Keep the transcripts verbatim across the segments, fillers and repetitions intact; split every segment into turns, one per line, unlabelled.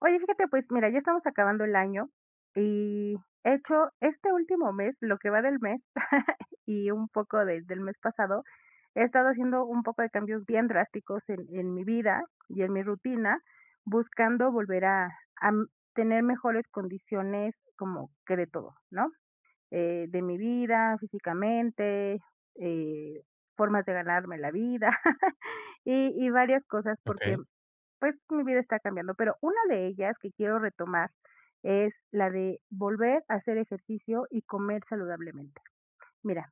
Oye, fíjate, pues, mira ya estamos acabando el año y he hecho este último mes, lo que va del mes, y un poco de de el mes pasado, he estado haciendo un poco de cambios bien drásticos en en mi vida y en mi rutina, buscando volver, ah, am, tener mejores condiciones, como que de todo, ¿no?, eh, de mi vida, físicamente, eh, formas de ganarme la vida, y y varias cosas porque,
Okey.
pues, mi vida está cambiando, pero una de ellas, que quiero retomar, es la de volver a hacer ejercicio y comer saludablemente. Mira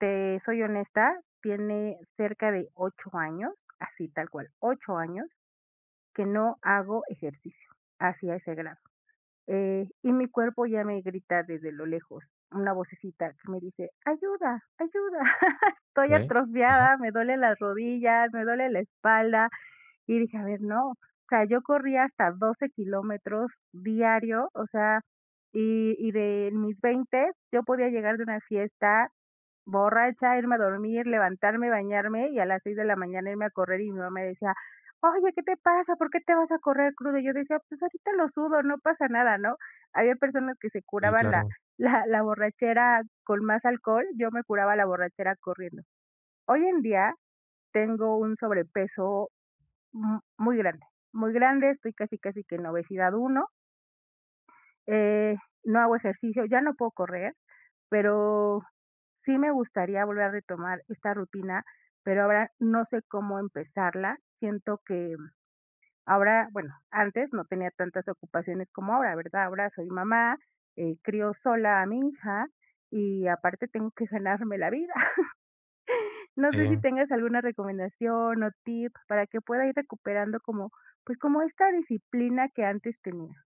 te soy honesta, tiene cerca de ocho años, así tal cual, ocho años, que no hago ejercicio. Así, a ese grado, eh, y mi cuerpo ya me grita desde lo lejos una vocecita que me dice: "Ayuda, ayuda, estoy
Okey, ajá.
atrofiada, me duelen las rodillas, me duele la espalda", y dije: "A ver no", o sea yo corría hasta doce kilómetros diario, o sea, y y de mis veinte yo podía llegar de una fiesta, borracha, irme a dormir, levantarme, bañarme y a las seis de la mañana irme a correr y mi mamá decía: "Oye, ¿qué te pasa? ¿Por qué te vas a correr cruda?" Y yo decía: "Pues ahorita lo sudo, no pasa nada", ¿no? Había personas que se
Sí,
curaban la
claro.
la la borrachera con más alcohol, yo me curaba la borrachera corriendo. Hoy en día tengo un sobrepeso, m muy grande, muy grande, estoy casi casi que en obesidad uno. Eh, no hago ejercicio, ya no puedo correr, pero, sí me gustaría volver a retomar esta rutina, pero ahora, no sé cómo empezarla. Siento que, mm, ahora, bueno, antes no tenía tantas ocupaciones como ahora, ¿verdad? Ahora soy mamá, eh, crío sola a mi hija y aparte tengo que ganarme la vida. No sé, si
Sí.
tengas alguna recomendación o tip, para que pueda ir recuperando como, pues, como esta disciplina que antes tenía.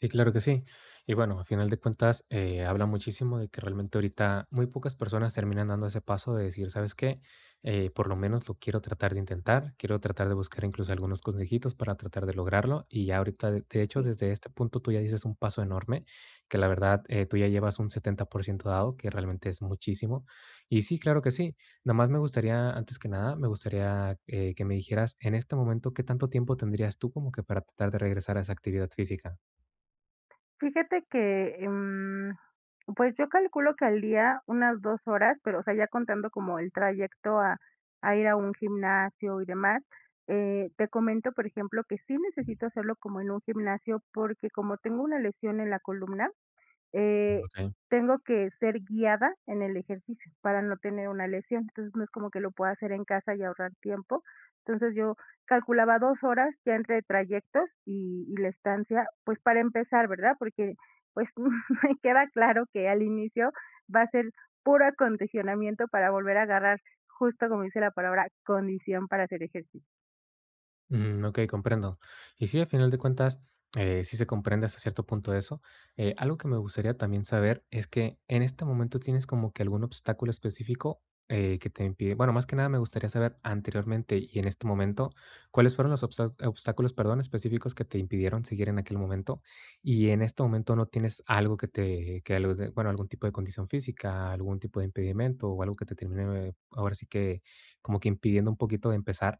Sí, claro que sí, y bueno, a final de cuentas, eh, habla muchísimo de que realmente ahorita muy pocas personas terminan dando ese paso de decir: "¿Sabes qué? Eh, por lo menos lo quiero tratar de intentar, quiero tratar de buscar, incluso, algunos consejitos para tratar de lograrlo", y ya ahorita, de de hecho,
Sí.
desde este punto tú ya distes un paso enorme, que la verdad, eh, tú ya llevas un setenta por ciento dado, que realmente es muchísimo, y sí, claro que sí, nomás me gustaría, antes que nada, me gustaría, eh, que me dijeras en este momento, ¿qué tanto tiempo tendrías tú como que para tratar de regresar a esa actividad física?
Fíjate que, em, pues yo calculo que al día unas dos horas, pero, o sea, ya contando como el trayecto a a ir a un gimnasio y demás, eh, te comento, por ejemplo, que sí necesito hacerlo como en un gimnasio, porque como tengo una lesión en la columna, eh,
Okey.
tengo que ser guiada en el ejercicio para no tener una lesión, entonces no es como que lo pueda hacer en casa y ahorrar tiempo, entonces yo calculaba dos horas ya entre trayectos y y la estancia, pues para empezar, ¿verdad? Porque, pues me queda claro que al inicio va a ser puro acondicionamiento para volver a agarrar, justo como dice la palabra, condición para hacer ejercicio.
Mm, okey, comprendo. Y sí, a final de cuentas, eh, sí se comprende hasta cierto punto eso, eh, algo que me gustaría también saber es que, ¿en este momento, tienes como que algún obstáculo específico, eh, que te impide, bueno, más que nada me gustaría saber, ¿anteriormente y en este momento, cuáles fueron los obstas obstáculos, perdón, específicos que te impidieron seguir en aquel momento? Y en este momento no tienes algo que te que alud bueno, ¿algún tipo de condición física, algún tipo de impedimento o algo que te termine, ahora sí que, como que impidiendo un poquito empezar?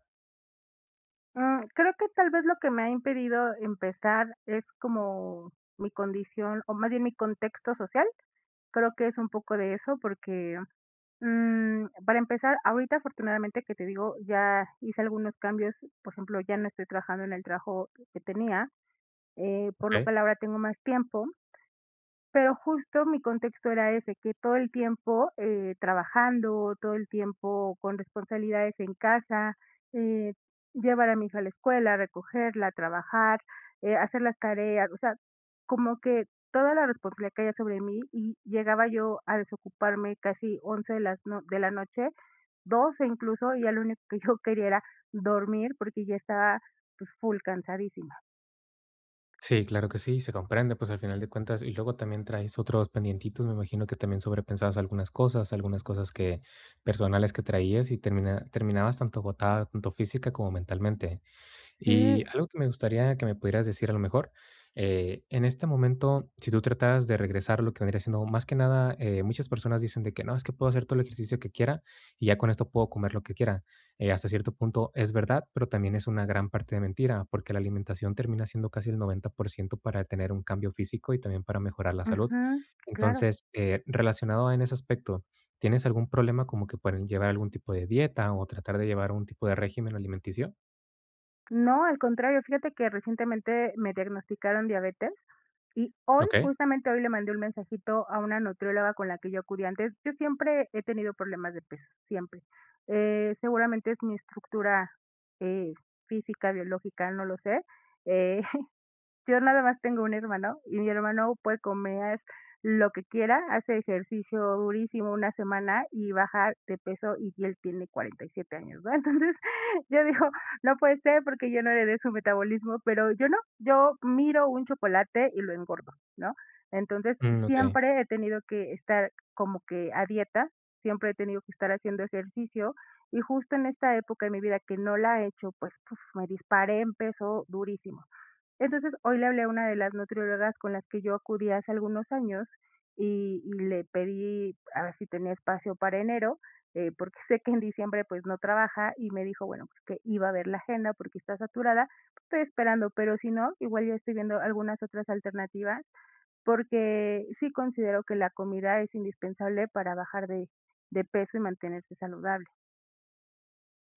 Mm, creo que, tal vez, lo que me ha impedido empezar es como mi condición o más bien mi contexto social. Creo que es un poco de eso, porque, mm, para empezar, ahorita, afortunadamente que te digo, ya hice algunos cambios, por ejemplo, ya no estoy trabajando en el trabajo que tenía, eh, por lo
Okey.
cual ahora tengo más tiempo. Pero justo mi contexto era ese, que todo el tiempo, eh, trabajando, todo el tiempo con responsabilidades en casa, eh, llevar a mi hija a la escuela, a recogerla, a trabajar, eh, hacer las tareas, o sea, como que toda la responsabilidad caía sobre mí y llegaba yo a desocuparme casi once, de las no de la noche, doce incluso, y ya lo único que yo quería era dormir porque ya estaba, pues, full cansadísima.
Sí, claro que sí, se comprende, pues, al final de cuentas y luego también, traes otros pendientitos, me imagino que también, sobrepensabas algunas cosas, algunas cosas que personales que traías, y termina terminabas tanto agotada, tanto física como mentalmente. Y
Sí.
algo que me gustaría que me pudieras decir, a lo mejor, eh, en este momento, si tú trataras de regresar lo que vendría siendo más que nada, eh, muchas personas dicen de que: "No, es que puedo hacer todo el ejercicio que quiera, y ya con esto puedo comer lo que quiera". Eh, hasta cierto punto, es verdad, pero también es una gran parte de mentira, porque la alimentación termina siendo casi el noventa por ciento para tener un cambio físico y también para mejorar la salud.
Ujú, claro.
Entonces, eh, relacionado en ese aspecto, ¿tienes algún problema, como que para llevar algún tipo de dieta o tratar de llevar algún tipo de régimen alimenticio?
No, al contrario, fíjate que recientemente me diagnosticaron diabetes, y hoy
Okey.
justamente, hoy le mandé un mensajito a una nutrióloga, con la que yo acudí antes. Yo siempre he tenido problemas de peso, siempre. Eh, seguramente es mi estructura, eh, física, biológica, no lo sé, eh, yo nada más tengo un hermano, y mi hermano puede comer lo que quiera, hace ejercicio durísimo una semana, y bajar de peso, y él tiene cuarenta y siete años, ¿verdad? Entonces, yo digo: "No puede ser, porque yo no heredé su metabolismo", pero, yo no yo miro un chocolate, y lo engordo, ¿no? Entonces
Mm, okey.
siempre, he tenido que estar, como que a dieta, siempre he tenido que estar haciendo ejercicio, y justo en esta época de mi vida, que no la he hecho, pues, puf, me disparé, en peso durísimo. Entonces, hoy le hablé a una de las nutriólogas, con las que yo acudí hace algunos años, y y le pedí, haber si tenía espacio para enero, eh, porque sé que en diciembre, pues, no trabaja. Y me dijo, bueno, pues, que iba a ver la agenda, porque está saturada, estoy esperando, pero si no, igual yo estoy viendo algunas otras alternativas, porque sí considero que la comida es indispensable para bajar de de peso, y mantenerse saludable.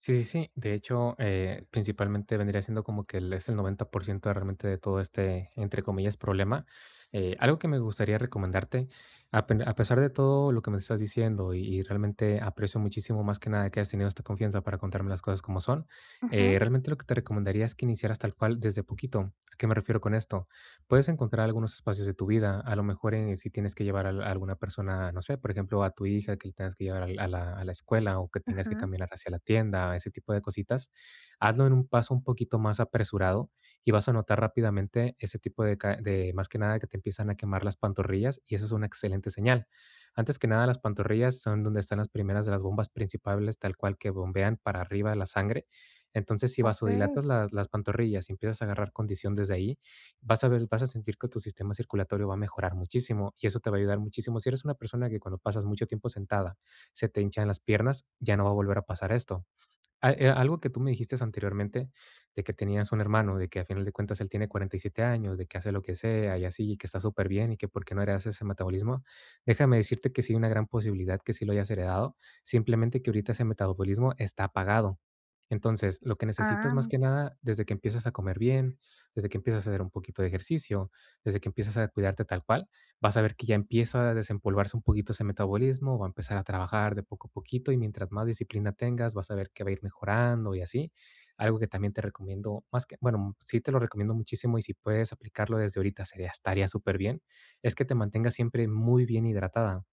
Sí, sí, sí. De hecho, eh, principalmente, vendría siendo como que el es el noventa por ciento de realmente, de todo este, entre comillas, problema. Eh, algo que me gustaría recomendarte, a pen a pesar de todo lo que me estás diciendo, y y realmente, aprecio muchísimo, más que nada, que hayas tenido esta confianza para contarme las cosas como son,
Ajá.
eh, realmente, lo que te recomendaría es que iniciaras tal cual desde poquito. ¿A qué me refiero con esto? Puedes encontrar algunos espacios de tu vida, a lo mejor, eh, si tienes que llevar al alguna persona, no sé, por ejemplo, a tu hija, que le tengas que llevar al a la escuela o que tengas que
Ajá.
caminar hacia la tienda, ese tipo de cositas, hazlo en un paso un poquito más apresurado y vas a notar rápidamente ese tipo de ca de más que nada, que te empiezan a quemar las pantorrillas y eso es una excelente señal. Antes que nada, las pantorrillas son donde están las primeras de las bombas principables, tal cual, que bombean para arriba la sangre, entonces, si
Okey.
vasodilatas las las pantorrillas y empiezas a agarrar condición desde ahí, vas a ver vas a sentir que tu sistema circulatorio va a mejorar muchísimo y eso te va a ayudar muchísimo. Si eres una persona que cuando pasas mucho tiempo sentada se te hinchan las piernas, ya no va a volver a pasar esto. Ah, eh, algo que tú me dijistes anteriormente, de que tenías un hermano, de que a final de cuentas, él tiene cuarenta y siete años, de que hace lo que sea y así, y que está superbién, y que por qué no heredaste ese metabolismo, déjame decirte que sí hay una gran posibilidad que sí lo hayas heredado, simplemente, que ahorita ese metabolismo está apagado. Entonces, lo que necesitas,
Ah,
más
muy
que
bien.
nada, desde que empiezas a comer bien, desde que empiezas a hacer un poquito de ejercicio, desde que empiezas a cuidarte tal cual, vas a ver que ya empieza a desempolvarse un poquito ese metabolismo, va a empezar a trabajar de poco a poquito y mientras más disciplina tengas, vas a ver que va a ir mejorando y así. Algo que también te recomiendo, más que bueno, sí te lo recomiendo muchísimo y si puedes aplicarlo desde ahorita, sería estaría superbién, es que te mantengas siempre muy bien hidratada,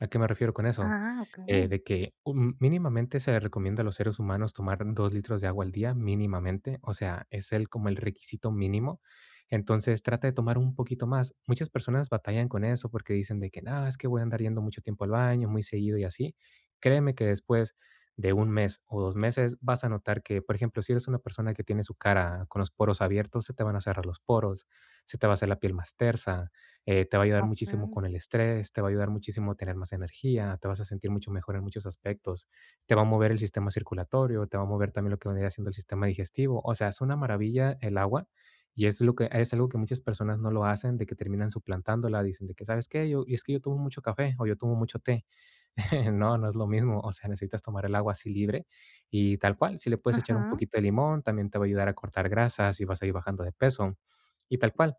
¿a qué me refiero con eso?
Ah,
Eh,
okey.
de que un mínimamente se recomienda a los seres humanos un tomar dos litros de agua al día, mínimamente, o sea, es el como el requisito mínimo, entonces, trata de tomar un poquito más. Muchas personas batallan con eso porque dicen de que: "No, es que voy a andar yendo mucho tiempo al baño, muy seguido y así". Créeme que después de un mes o dos meses, vas a notar que, por ejemplo, si eres una persona que tiene su cara con los poros abiertos, se te van a cerrar los poros, se te va a hacer la piel más tersa, eh, te va a ayudar muchísimo
Okey.
con el estrés, te va a ayudar muchísimo a tener más energía, te vas a sentir mucho mejor en muchos aspectos, te va a mover el sistema circulatorio, te va a mover también lo que vendría siendo el sistema digestivo. O sea, es una maravilla el agua y es lo que es algo que muchas personas no lo hacen, de que terminan suplantándola, dicen de que: "¿Sabes qué? Yo es que yo tomo mucho café o yo tomo mucho té". No, no es lo mismo, o sea, necesitas tomar el agua así libre y tal cual, si le puedes echar un
Ajá.
poquito de limón, también te va a ayudar a cortar grasas y vas a ir bajando de peso y tal cual.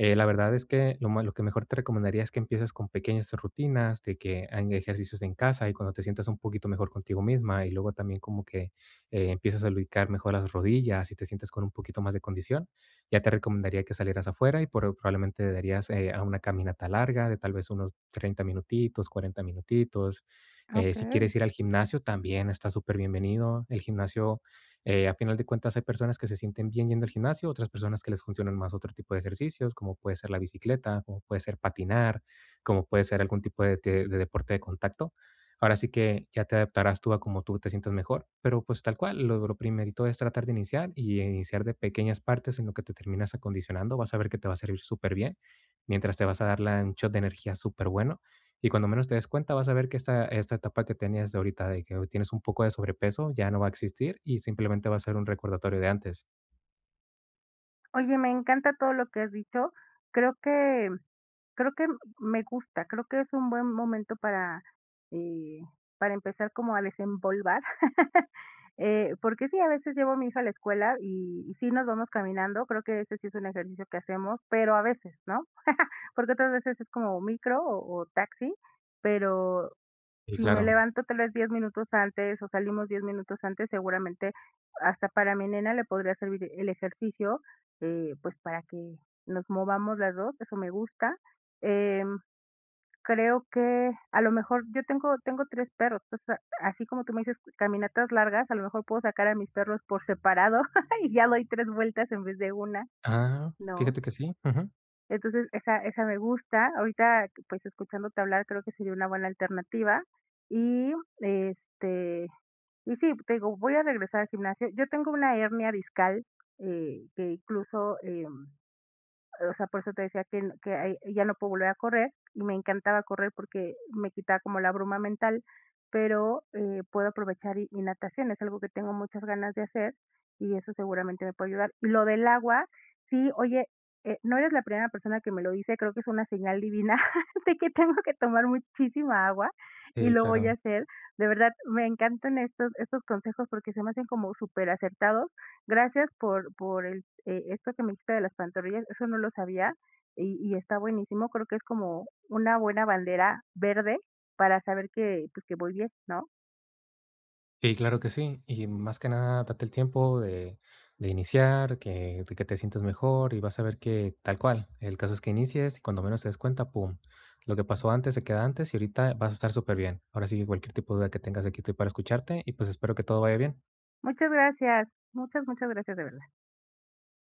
Eh, la verdad es que lo ma lo que mejor te recomendaría, es que empieces con pequeñas rutinas, de que hagan ejercicios en casa y, cuando te sientas un poquito mejor contigo misma, y luego también como que, eh, empiezas a lubricar mejor las rodillas y te sientes con un poquito más de condición, ya te recomendaría que salieras afuera, y pro probablemente darías, eh, a una caminata larga, de tal vez unos treinta minutitos, cuarenta minutitos.
Ah,
Eh, si quieres
okey.
ir al gimnasio, también está superbienvenido, el gimnasio, eh, a final de cuentas, hay personas que se sienten bien yendo al gimnasio, otras personas que les funcionan más otro tipo de ejercicios, como puede ser la bicicleta, como puede ser patinar, como puede ser algún tipo de te de deporte de contacto. Ahora sí que ya te adaptarás tú a cómo tú te sientas mejor, pero, pues, tal cual, lo lo primerito es tratar de iniciar y iniciar de pequeñas partes en lo que te terminas acondicionando, vas a ver que te va a servir superbién, mientras te vas a dar la un shot de energía superbueno, y cuando menos te des cuenta, vas a ver que esta esta etapa que tenías de ahorita de que hpy tienes un poco de sobrepeso, ya no va a existir y, simplemente, va a ser un recordatorio de antes.
Oye, me encanta todo lo que has dicho. Creo que, creo que m me gusta, creo que es un buen momento para, eh, para empezar como a desempolvar. Eh, porque sí, a veces llevo mi hija a la escuela y y sí nos vamos caminando, creo que este sí es un ejercicio que hacemos, pero a veces, ¿no? Porque otras veces es como micro o o taxi, pero,
Y
si me
claro.
levanto tal vez diez minutos antes o salimos diez minutos antes, seguramente hasta para mi nena le podría servir el ejercicio, eh, pues para que nos movamos las dos eso me gusta. Em, creo que a lo mejor yo tengo tengo tres perros, entonces así como tú me dices caminatas largas, a lo mejor puedo sacar a mis perros por separado y ya doy tres vueltas en vez de una,
Ah.
¿no?
Fíjate que sí. Ujú.
Entonces esa esa me gusta, ahorita pues escuchándote hablar creo que sería una buena alternativa y, este, y sí, te digo, voy a regresar al gimnasio. Yo tengo una hernia discal, eh, que incluso, em, o sea, por eso te decía que el que ay ya no puedo volver a correr y me encantaba correr porque me quitaba como la bruma mental, pero, eh, puedo aprovechar y y natación, es algo que tengo muchas ganas de hacer y eso seguramente me puede ayudar. Lo del agua, sí, oye eh, no eres la primera persona que me lo dice, creo que es una señal divina, de que tengo que tomar muchísima agua y
Sí,
lo voy a
claro.
hacer. De verdad me encantan estos estos consejos porque se me hacen como súper acertados. Gracias por por el e esto que me dijiste de las pantorrillas, eso no lo sabía y y está buenísimo, creo que es como una buena bandera verde para saber que, pues que voy bien, ¿no?
Sí, claro que sí, y más que nada date el tiempo de de iniciar, que de que te sientas mejor y vas a ver que tal cual, el caso es que inicies y cuando menos te des cuenta, pum. Lo que pasó antes se queda antes y ahorita vas a estar superbien. Ahora sí que cualquier tipo de duda que tengas aquí estoy para escucharte y, pues, espero que todo vaya bien.
Muchas gracias, muchas, muchas gracias de verdad.